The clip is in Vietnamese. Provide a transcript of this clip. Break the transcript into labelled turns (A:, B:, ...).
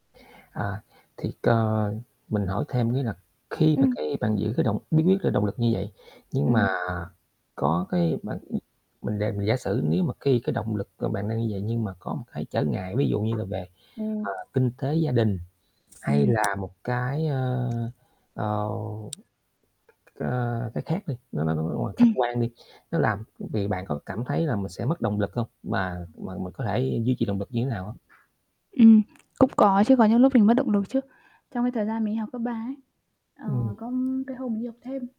A: À, thì, cờ, mình hỏi thêm cái là khi mà,
B: Ừm.
A: cái, bạn giữ cái động bí quyết là động lực như vậy, nhưng mà
B: Ừm.
A: có, cái, bạn ừm, mình giả mình giả sử nếu mà khi cái động lực của bạn đang như vậy, nhưng mà có một cái trở ngại, ví dụ như là về,
B: Ừm.
A: ờ, kinh tế gia đình hay
B: Ừm.
A: là một cái, ơ, ờ, ờ, cái khác đi, nó nói nói nói bằng khách
B: Ừm.
A: quan đi, nó làm vì bạn có cảm thấy là mình sẽ mất động lực không? Mà mà mình có thể duy trì động lực như thế nào hông?
B: Ừm, cũng có chứ, có những lúc mình mất động lực chứ. Trong cái thời gian mình đi học cấp 3 ấy, ờ,
A: Ừm.
B: có, ừm, cái hôm mình đi học thêm